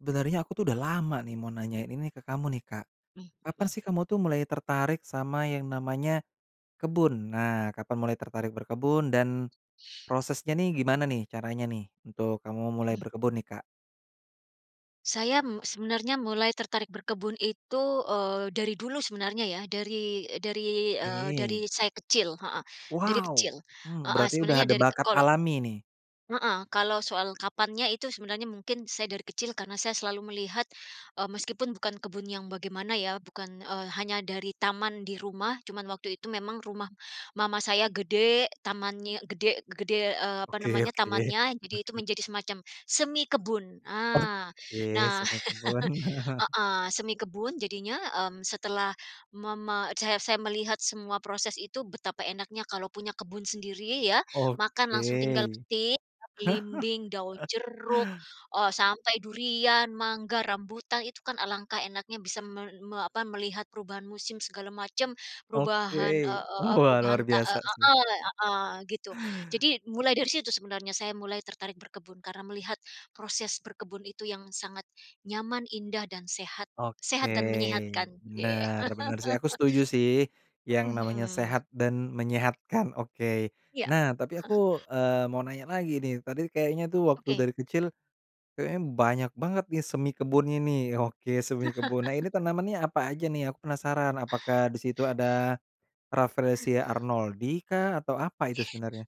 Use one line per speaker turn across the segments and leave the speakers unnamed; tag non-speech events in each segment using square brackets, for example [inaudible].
Sebenarnya aku tuh udah lama nih mau nanyain ini ke kamu nih, Kak.
Mhm,
Kapan
hmm.
sih kamu tuh mulai tertarik sama yang namanya kebun? Nah, kapan mulai tertarik berkebun, dan prosesnya nih gimana nih caranya nih, untuk kamu mulai
Mhm.
berkebun nih, Kak?
Saya, mmm, sebenarnya mulai tertarik berkebun itu, eee, dari dulu sebenarnya ya dari dari, eee,
Oke.
dari saya kecil, heeh. Dari
Wow!
kecil,
Mmm,
heeh,
berarti udah
sebenarnya
ada
dari
bakat
kolo
alami nih.
Heeh, kalau soal kapannya itu sebenarnya mungkin saya dari kecil karena saya selalu melihat, eee, meskipun bukan kebun yang bagaimana ya bukan eee, hanya dari taman di rumah cuman waktu itu memang rumah mama saya gede, tamannya gede gede eee, apa
Oke
namanya,
oke.
tamannya jadi itu
Oke.
menjadi semacam semi kebun, ah.
Oke,
Nah,
semi kebun.
[chuckles]
[chuckles]
heeh, semi kebun jadinya, mmm, setelah mama eee, saya saya melihat semua proses itu betapa enaknya kalau punya kebun sendiri ya, makan langsung tinggal
Oke.
petik, belimbing, daun
[chuckles]
jeruk, eee, sampai durian, mangga, rambutan itu kan alangkah enaknya bisa me me apa melihat perubahan musim segala macam perubahan
Oke.
eee eee eee,
Wah
perubahan
luar
te ah
biasa
ah
sih.
ah, ah ah, gitu. Jadi mulai dari situ sebenarnya saya mulai tertarik berkebun karena melihat proses berkebun itu yang sangat nyaman, indah, dan sehat.
Oke.
Sehat dan menyehatkan, oke.
Benar benar sih aku setuju sih,
[chuckles]
yang
Mhm,
namanya
hmm.
sehat dan menyehatkan, oke.
Iya.
Nah tapi
[chuckles]
aku, eee, mau nanya lagi nih, tadi kayaknya tuh waktu
Oke.
dari kecil, kayaknya banyak banget nih semi kebunnya nih. Oke semi kebun. Nah ini
[chuckles]
tanamannya apa aja nih aku penasaran, apakah di situ ada, Rafflesia Arnoldii kah, atau apa itu sebenarnya?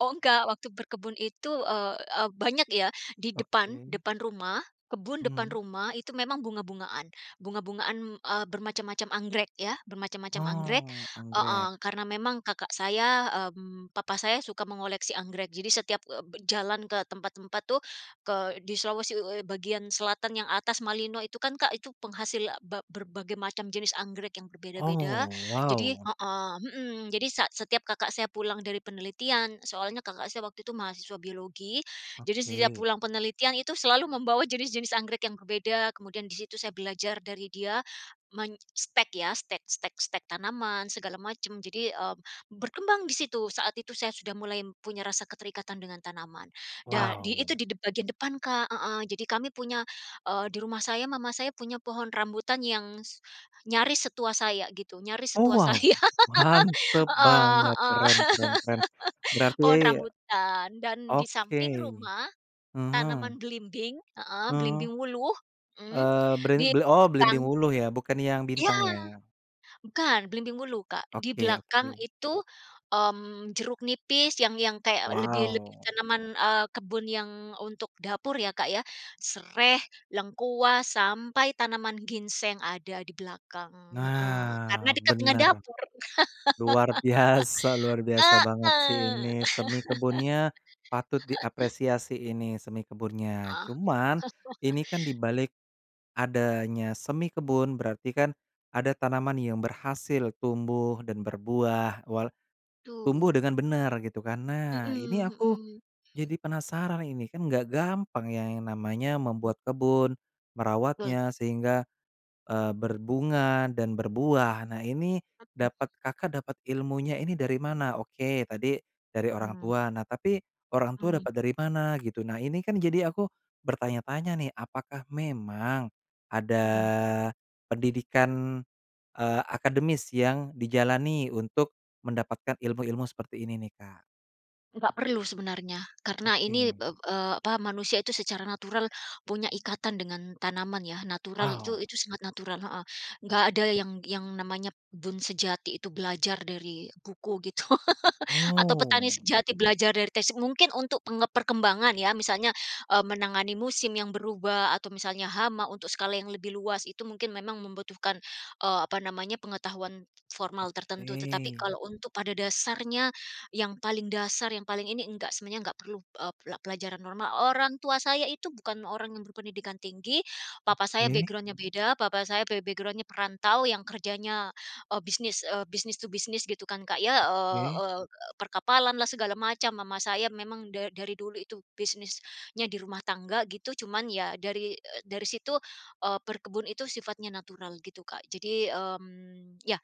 Oh enggak. Waktu berkebun itu, eee eee, banyak ya di depan,
Oke.
depan rumah, kebun depan
Mmm.
rumah itu memang bunga-bungaan. Bunga-bungaan, eee, bermacam-macam anggrek ya, bermacam-macam anggrek
Oh,
heeh,
anggrek.
karena memang kakak saya, mmm, papa saya suka mengoleksi anggrek jadi setiap, eee, be jalan ke tempat-tempat tuh ke di Sulawesi u e bagian selatan yang atas Malino itu kan, Kak, itu penghasil a ba berbagai macam jenis anggrek yang berbeda-beda,
Oh,
jadi
wow!
heeh, hmm, jadi sa setiap kakak saya pulang dari penelitian soalnya kakak saya waktu itu mahasiswa biologi, jadi setiap
Oke.
pulang penelitian itu selalu membawa jenis-jenis anggrek yang berbeda kemudian di situ saya belajar dari dia, menstek ya, stek stek stek tanaman segala macam jadi, eee, berkembang di situ saat itu saya sudah mulai punya rasa keterikatan dengan tanaman, da di itu
Wow!
di dep bagian depan, Kak heeh, jadi kami punya eee, di rumah saya mama saya punya pohon rambutan yang s nyaris setua saya gitu, nyaris
Oh,
setua
wow!
saya. [laughs]
Mantap
Heeh
banget!
heeh.
Keren keren keren!
[laughs] Pohon
Berarti
rambutan dan di
Oke,
samping rumah, tanaman
mhm.
belimbing heeh,
Hmm.
belimbing wuluh, mmm,
Eee, beri
di
bel oh, belimbing
belakang
wuluh ya, bukan yang
Iya.
bintang ya?
Bukan, belimbing wuluh, Kak. Di
Oke
belakang
oke.
itu, mmm, jeruk nipis yang yang kayak lebih lebih
Wow!
tanaman, eee, kebun yang untuk dapur ya, Kak, ya. Sereh, lengkuas, sampai tanaman ginseng ada di belakang, heeh, karena
Nah,
dekat dengan
benar.
dapur.
Luar biasa luar biasa
[laughs]
banget sih
Heeh.
ini semi kebunnya, patut
[laughs]
diapresiasi ini semi kebunnya.
Ah.
Cuman,
[chuckles]
ini kan di balik adanya semi kebun berarti kan ada tanaman yang berhasil tumbuh dan berbuah, wal tumbuh
Betul.
dengan benar gitu kan. Nah, ini
Mmm,
aku
hmm.
jadi penasaran ini, kan nggak gampang ya yang namanya
Mhm.
membuat kebun,
Betul.
merawatnya, sehingga, eee, berbunga dan berbuah, nah ini dapat Kakak dapat ilmunya ini dari mana? Oke, tadi dari orang
Mmm.
tua, nah tapi orang tua
Mmm.
dapat dari mana gitu? Nah ini kan jadi aku bertanya-tanya nih apakah memang ada,
Mhm.
pendidikan, eee, akademis yang dijalani untuk mendapatkan ilmu-ilmu seperti ini nih, Kak?
Enggak perlu sebenarnya, karena ini ep
Oke.
eee, apa manusia itu secara natural punya ikatan dengan tanaman ya natural itu
Wow!
itu sangat natural, heeh. Enggak ada yang yang namanya berkebun sejati itu belajar dari buku gitu [laughs] atau petani
Oh.
sejati belajar dari tesi mungkin untuk peng perkembangan ya misalnya, eee, menangani musim yang berubah, atau misalnya hama untuk skala yang lebih luas itu mungkin memang membutuhkan, eee, apa namanya pengetahuan formal tertentu tetapi
Oke.
kalau untuk pada dasarnya, yang paling dasar yang paling ini enggak semuanya enggak perlu, eee, pola pelajaran normal. Orang tua saya itu bukan orang yang berpendidikan tinggi, papa saya
Oke.
background-nya beda papa saya be background-nya perantau yang kerjanya, eee, bisnis, eee, business to business gitu kan, Kak, ya, eee
Oke.
eee, perkapalanlah, segala macam, mama saya memang da dari dulu itu bisnisnya di rumah tangga gitu. Cuman ya dari, eee, situ, eee, berkebun itu sifatnya natural gitu, Kak, jadi mmm, ya,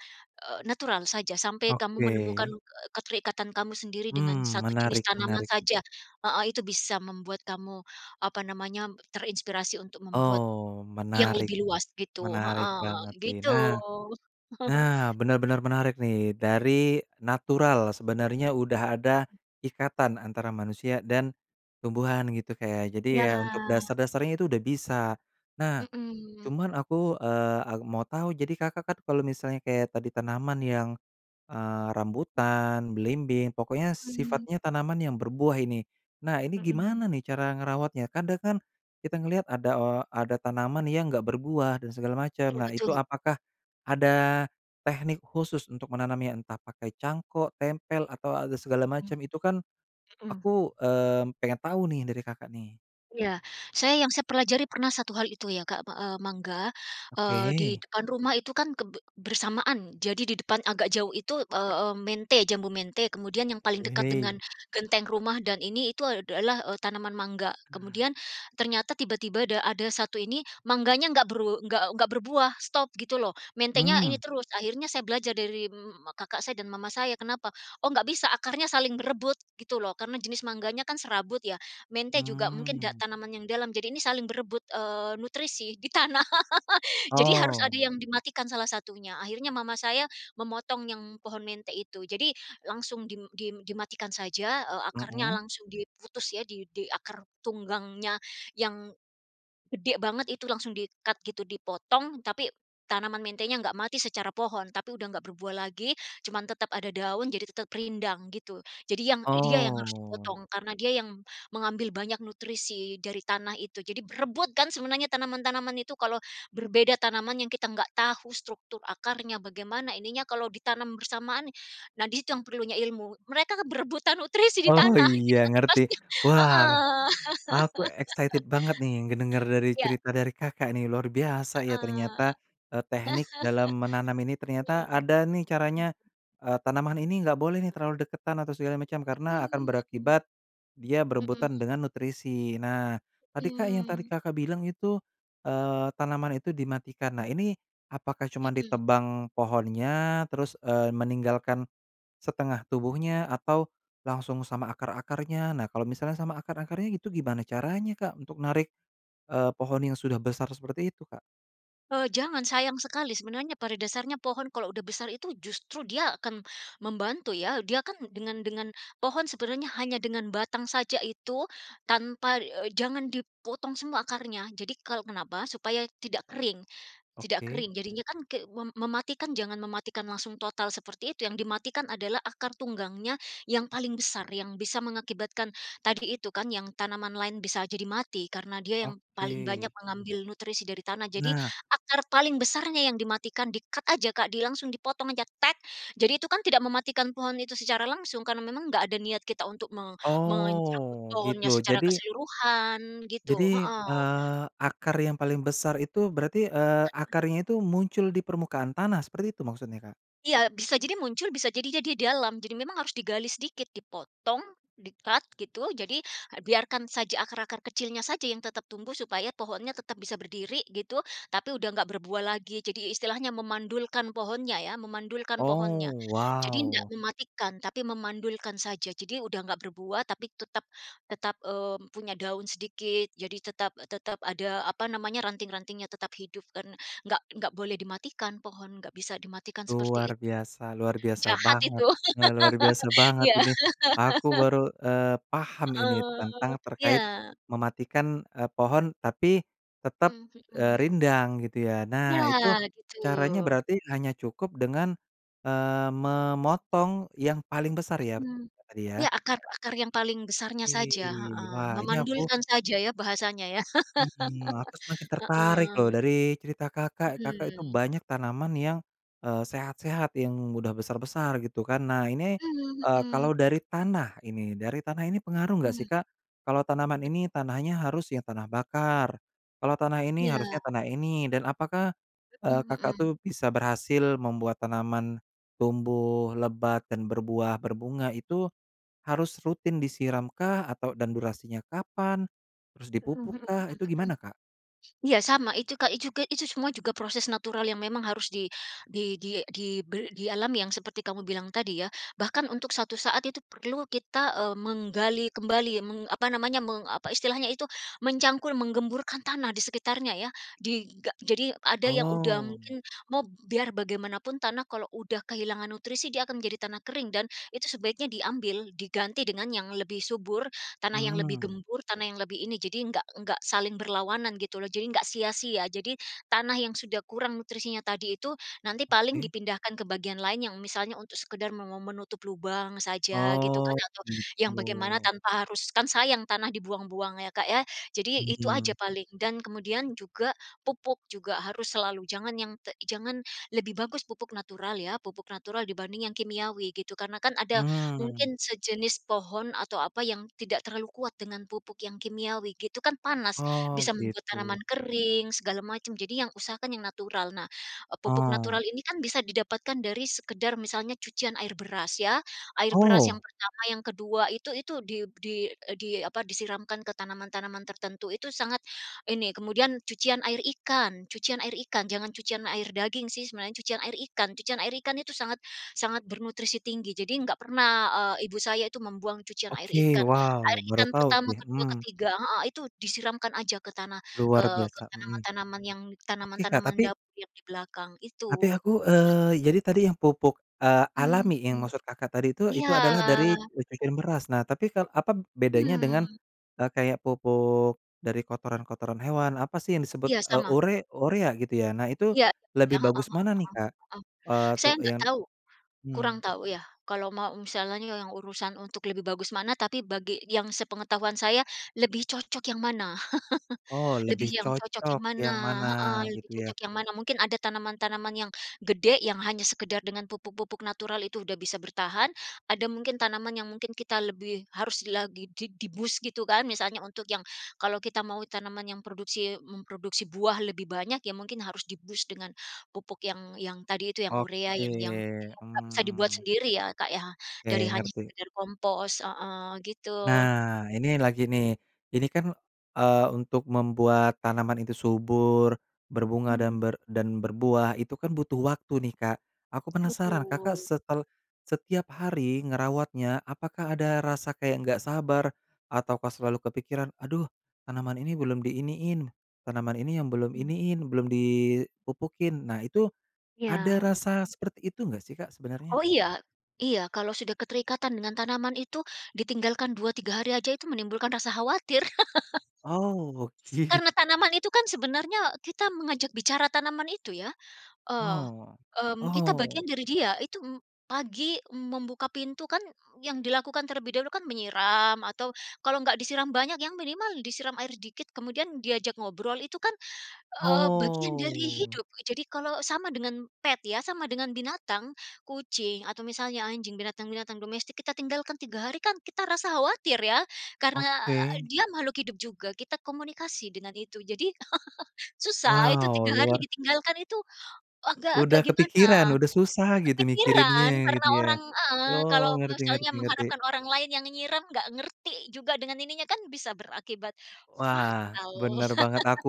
eee, natural saja sampai kamu menemukan,
Oke.
eee, keterikatan kamu sendiri dengan
Mmm,
1 jenis
menarik
tanaman
menarik.
saja, heeh, itu bisa membuat kamu apa namanya terinspirasi untuk membuat
Oh,
yang
menarik,
lebih luas gitu,
menarik
heeh.
banget sih.
Gitu.
Nah,
[chuckles]
nah benar-benar menarik nih. Dari natural, sebenarnya udah ada ikatan antara manusia dan tumbuhan gitu, Kak, ya. Jadi
Iya
ya untuk
lah.
dasar-dasarnya itu udah bisa. Nah,
Mhm.
cuman aku, eee ah, mau tahu jadi Kakak kan kalau misalnya kayak tadi tanaman yang, eee rambutan, belimbing, pokoknya
Mmm.
sifatnya tanaman yang berbuah ini. Nah ini
Mmm.
gimana nih cara ngerawatnya? Kadang kan kita ngeliat ada, eee, ada tanaman yang enggak berbuah dan segala macem,
Iya
nah itu
betul.
apakah ada tehnik khusus untuk menanamnya? Entah pakai cangkok, tempel atau, a segala
Mmm.
macem itu kan
Mhm.
aku, eee, pengen tahu nih dari Kakak nih?
Iya. Saya yang saya pelajari pernah satu hal itu ya, Kak, me a mangga, eee, di
Oke.
depan rumah itu kan keb bersamaan jadi di depan agak jauh itu, eee eee, mente jambu mente kemudian yang paling dekat
Oke.
dengan genteng rumah dan ini itu a adalah tanaman mangga.
Nah.
Kemudian ternyata tiba-tiba da ada 1 ini mangganya enggak beru enggak enggak berbuah, stop gitu loh. Mentenya ini
Mmm.
terus akhirnya saya belajar dari mmm mmm, kakak saya dan mama saya, kenapa, "Oh, enggak bisa akarnya saling berebut," gitu loh karena jenis mangganya kan serabut ya, mente juga mungkin da
Mmm.
tanaman yang dalam jadi ini saling berebut, eee, nutrisi di tanah, [laughs] jadi harus ada
Oh.
yang dimatikan salah satunya. Akhirnya mama saya memotong yang pohon mente itu, jadi langsung dim dim dimatikan saja, eee, akarnya
Mmm.
langsung diputus ya di di akar tunggangnya yang, gede banget itu langsung di-cut gitu dipotong tapi, tanaman mentenya enggak mati secara pohon, tapi udah nggak berbuah lagi cuman tetap ada daun jadi tetap rindang gitu. Jadi yang dia yang harus
Oh.
dipotong karena dia yang mengambil banyak nutrisi dari tanah itu jadi berebut kan sebenarnya tanaman-tanaman itu kalau berbeda tanaman yang kita enggak tahu struktur akarnya, bagaimana ininya kalau ditanam bersamaan, nah di situ yang perlunya ilmu. Mereka berebutan nutrisi di
Oh
tanah gitu
iya
kan
ngerti.
pasti
Wah,
heeh.
aku excited banget nih ngedenger
[laughs]
dari
Iya.
cerita dari Kakak nih, luar biasa ya
Heeh.
ternyata. Eee, tehnik dalam menanam ini
[laughs]
ternyata
Mhm.
ada nih caranya, eee, "Tanaman ini enggak boleh nih terlalu deketan atau segala macam, karena akan
Hmm, mmm.
berakibat, dia berebutan
Mhm.
dengan nutrisi." Nah, tadi, Kak, yang tadi
Mmm.
Kakak bilang itu, eee, tanaman itu dimatikan. Nah ini apakah cuma
Mhm.
ditebang pohonnya, terus, eee, meninggalkan, setengah tubuhnya atau langsung sama akar-akarnya? Nah kalau misalnya sama akar-akarnya gitu gimana caranya, Kak, untuk narik, eee, pohon yang sudah besar seperti itu, Kak?
Eee, jangan sayang sekali sebenarnya pada dasarnya pohon kalau udah besar itu justru dia akan membantu ya, dia kan dengan dengan pohon sebenarnya hanya dengan batang saja itu tanpa eee, jangan dipotong semua akarnya jadi kalau kenapa, supaya tidak kering tidak
Oke.
kering. Jadinya kan ke mem mematikan jangan mematikan langsung total seperti itu yang dimatikan adalah akar tunggangnya yang paling besar yang bisa mengakibatkan tadi itu kan yang tanaman lain bisa jadi mati karena dia yang paling
Oke.
banyak mengambil nutrisi dari tanah jadi,
Nah.
akar paling besarnya yang dimatikan di-cut aja, Kak, di langsung dipotong aja, "tek" jadi itu kan tidak mematikan pohon itu secara langsung karena memang enggak ada niat kita untuk me mencabut
Oh, gitu
pohonnya secara
jadi
keseluruhan gitu
jadi,
heeh.
eee, akar yang paling besar itu berarti, eee,
[unintelligible]
akarnya itu muncul di permukaan tanah seperti itu maksudnya, Kak?
Iya bisa jadi muncul bisa jadi dia dalam, jadi memang harus digali sedikit dipotong, di-cut, gitu. Jadi biarkan saja akar-akar kecilnya saja yang tetap tumbuh supaya pohonnya tetap bisa berdiri gitu, tapi udah nggak berbuah lagi, jadi istilahnya memandulkan pohonnya ya, memandulkan
Oh.
pohonnya. Jadi ndak
Wow!
mematikan tapi memandulkan saja, jadi udah enggak berbuah tapi tetap tetap, eee, punya daun sedikit, jadi tetap tetap ada apa namanya, ranting-rantingnya tetap hidup kan enggak enggak boleh dimatikan pohon, enggak bisa dimatikan seperti
Luar
itu.
biasa. Luar biasa
Jahat itu!
banget, luar biasa
[laughs]
banget
Iya.
ini. Aku
[laughs]
baru, eee, paham ini tentang
Heeh.
terkait,
Iya.
mematikan, eee, pohon tapi tetap,
Mmm,
eee,
hmm.
rindang gitu ya.
Ya,
Nah, itu
gitu.
caranya berarti hanya cukup dengan, eee, memotong yang paling besar ya,
Mhm.
tadi ya?
Ya akar akar yang paling besarnya saja,
Ih,
heeh.
wah ini aku
Memandulkan saja ya, bahasanya ya.
Mhm, aku semakin
[laughs]
tertarik loh
Heeh.
dari cerita Kakak, Kakak itu
Mhm.
banyak tanaman yang, eee, sehat-sehat yang mudah besar-besar gitu kan. Nah ini,
Mmm
eee,
hmm.
kalau dari tanah ini, dari tanah ini pengaruh enggak sih,
Mhm.
Kak? Kalau tanaman ini
[unintelligible]
tanahnya harus yang tanah bakar, kalau tanah ini harusnya
Iya.
tanah ini, dan apakah, eee,
Mhm,
Kakak
hmm.
tuh bisa berhasil membuat tanaman tumbuh lebat dan berbuah, berbunga, itu harus rutin disiramkah atau dan durasinya kapan, terus
Mhm, hmm hmm hmm.
dipupukkah, itu gimana, Kak?
Ya sama itu, Kak, i juga itu semua juga proses natural yang memang harus di di di dibel di alam yang seperti kamu bilang tadi ya. Bahkan untuk suatu saat itu perlu kita, eee, menggali kembali meng apa namanya, meng apa istilahnya itu mencangkul menggemburkan tanah di sekitarnya ya. Diga jadi ada yang udah
Oh.
mungkin mob biar bagaimanapun tanah kalau udah kehilangan nutrisi dia akan menjadi tanah kering dan itu sebaiknya diambil, diganti dengan yang lebih subur, tanah yang lebih
Mmm.
gembur, tanah yang lebih ini, jadi enggak enggak saling berlawanan gitu loh. Jadi enggak sia-sia, jadi tanah yang sudah kurang nutrisinya tadi itu, nanti paling
Oke.
dipindahkan ke bagian lain yang misalnya untuk sekedar me me menutup lubang saja gitu kan,
Oh,
atau yang bagaimana
gitu.
tanpa harus kan sayang tanah dibuang-buang ya, Kak, ya. Jadi itu aja
Mhm.
paling. Dan kemudian juga pupuk juga harus selalu jangan yang te jangan lebih bagus pupuk natural ya, pupuk natural dibanding yang kimiawi gitu, karena kan ada
Hmm.
mungkin sejenis pohon atau apa yang tidak terlalu kuat dengan pupuk yang kimiawi gitu, kan panas,
Oh,
bisa membuat
gitu.
tanaman kering, segala macam jadi yang usahakan yang natural. Nah, eee, pupuk natural
Oh.
ini kan bisa didapatkan dari sekadar misalnya cucian air beras ya, air beras yang
Oh!
pertama yang kedua itu itu, di di di apa, disiramkan ke tanaman-tanaman tertentu itu sangat ini kemudian cucian air ikan cucian air ikan, jangan cucian air daging sih sebenarnya cucian air ikan. Cucian air ikan itu sangat sangat bernutrisi tinggi jadi enggak pernah, eee, ibu saya itu membuang cucian air
Oke,
ikan. Air
wow, baru
ikan
tahu
pertama
nih,
kedua,
mmm.
ketiga heeh, itu disiramkan aja ke tanah, ke
Luar
ke
biasa, mhm.
tanaman-tanaman yang
Oke, Kak,
tanaman-tanaman
tapi
dapur yang di belakang,
tapi
itu.
aku, eee, jadi tadi yang pupuk, eee,
Mmm
alami yang
mmm,
maksud Kakak tadi itu itu
iya.
adalah dari racikan beras, nah tapi ka apa bedanya dengan,
Mmm.
eee, kayak pupuk, dari kotoran-kotoran hewan apa sih yang disebut,
Iya,
eee,
sama.
ure urea gitu ya? Nah itu
Iya, iya.
lebih
Heeh
bagus
heeh
mana nih,
heeh
Kak?
heeh.
Eee,
Saya
tuk
enggak
yan
tahu. Kurang
hmm.
tahu ya, kalau mau misalnya yang urusan untuk lebih bagus mana, tapi bagi yang sepengetahuan saya lebih cocok yang mana.
Oh,
[chuckles] Lebih
lebih
yang cocok yang
cocok
mana,
yang mana
heeh. Lebih
gitu ya.
cocok yang mana mungkin ada tanaman-tanaman yang gede yang hanya sekadar dengan pupuk-pupuk natural itu udah bisa bertahan, ada mungkin tanaman yang mungkin kita lebih harus lagi di di-boost gitu kan misalnya untuk yang kalau kita mau tanaman yang produksi memproduksi buah lebih banyak ya mungkin harus di-boost dengan pupuk yang yang tadi itu yang urea yang yang
Oke,
[unintelligible] nggak bisa dibuat
mmm.
sendiri ya, Kak, ya,
Oke,
dari hanya
ngerti.
sekadar kompos heeh gitu.
Nah, ini lagi nih, jadi kan, eee, untuk membuat tanaman itu subur, berbunga
Hmm, mhm.
dan ber dan berbuah itu kan butuh waktu nih, Kak. Aku penasaran Kakak
Betul.
setel setiap hari ngerawatnya, apakah ada rasa kayak enggak sabar ataukah selalu kepikiran, "Aduh tanaman ini belum di iniin, tanaman ini yang belum
Mmm.
iniin, belum dipupukin," nah itu,
Ya,
ada
hmm.
rasa seperti itu enggak sih, Kak sebenarnya?
Oh iya. Iya kalau sudah keterikatan dengan tanaman itu, ditinggalkan 2, 3 hari aja itu menimbulkan rasa khawatir. [laughs]
Oh git
Karena tanaman itu kan sebenarnya kita mengajak bicara tanaman itu ya. Eee,
Oh,
mmm, kita
oh.
bagian dari dia, itu em pagi m membuka pintu kan yang dilakukan terlebih dahulu kan menyiram, atau kalau enggak disiram banyak yang minimal disiram air dikit kemudian diajak ngobrol itu kan, eee, bagian dari
Oh.
hidup. Jadi kalau sama dengan pet ya, sama dengan binatang, kucing, atau misalnya anjing, binatang-binatang domestik, kita tinggalkan 3 hari kan kita rasa khawatir ya, karena a
Oke.
dia makhluk hidup juga, kita komunikasi dengan itu jadi, [laughs] susah itu
Wow,
3 hari
luar
ditinggalkan itu, agak-agak
Udah
gimana.
kepikiran, udah susah gitu mikirinnya
Kepikiran,
ya
karena
gitu ya.
orang heeh,
Wow,
kalau
ngerti
misalnya
ngerti ngerti.
mengharapkan orang lain yang nyiram enggak ngerti juga dengan ininya kan bisa berakibat
Wah,
fatal.
benar banget aku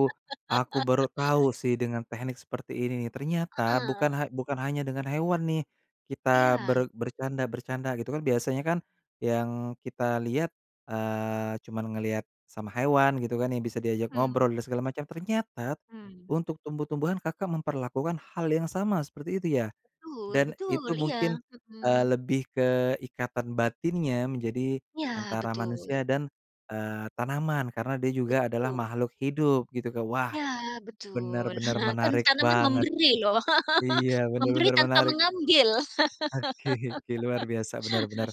aku baru tahu sih dengan tehnik seperti ini ternyata
Heeh.
bukan ha bukan hanya dengan hewan nih, kita
Iya.
ber bercanda-bercanda gitu kan biasanya kan yang kita lihat, eee, cuma ngelihat sama hewan gitu kan yang bisa diajak
Hmm.
ngobrol dan segala macam, ternyata,
Mmm.
untuk tumbuh-tumbuhan Kakak memperlakukan hal yang sama seperti itu ya,
Betul
dan
betul.
itu
Iya.
mungkin, eee,
Mmm.
lebih ke ikatan batinnya menjadi
Iya,
antara
betul.
manusia dan, eee, tanaman karena dia juga adalah
Betul.
makhluk hidup gitu. Wah,
Ya, betul.
benar-benar
[chuckles] Kan
menarik
tanaman
banget.
memberi loh.
Iya,
[laughs] Memberi
benar-benar
tanpa
menarik.
mengambil.
Oke oke, luar biasa, benar benar.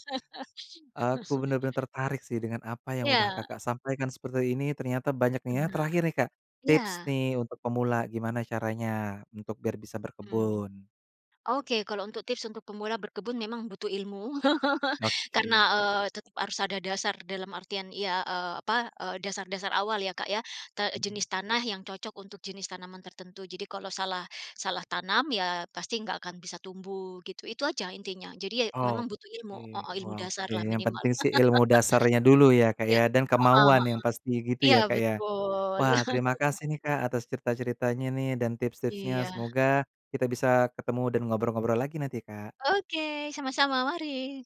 Aku
[laughs]
benar-benar tertarik sih dengan apa yang udah
Iya.
Kakak sampaikan seperti ini ternyata banyak nih ya.
Benar,
Terakhir nih, Kak, tips
iya.
nih untuk pemula gimana caranya, untuk biar bisa
Mmm.
berkebun?
Oke kalau untuk tips untuk pemula berkebun memang butuh ilmu, [chuckles] karena,
Oke.
eee, tetap harus ada dasar dalam artian ya, eee, apa, eee, dasar-dasar awal ya, Kak, ya. Ta
Mmm.
jenis tanah yang cocok untuk jenis tanaman tertentu, jadi kalau salah salah tanam ya pasti enggak akan bisa tumbuh gitu. Itu aja intinya jadi ya memang butuh ilmu,
Oke,
heeh, ilmu
wah oke
dasarlah
yang
minimal.
penting sih ilmu dasarnya dulu ya,
[laughs]
Kak,
Iya,
ya, dan
heeh
kemauan
heeh.
yang pasti gitu
Iya
ya, Kak, ya?
betul.
Wah terima
[chuckles]
kasih nih, Kak, atas cerita-ceritanya nih dan tips-tipsnya
Iya.
semoga kita bisa ketemu dan ngobrol-ngobrol lagi nanti, Kak.
Oke, sama-sama, mari.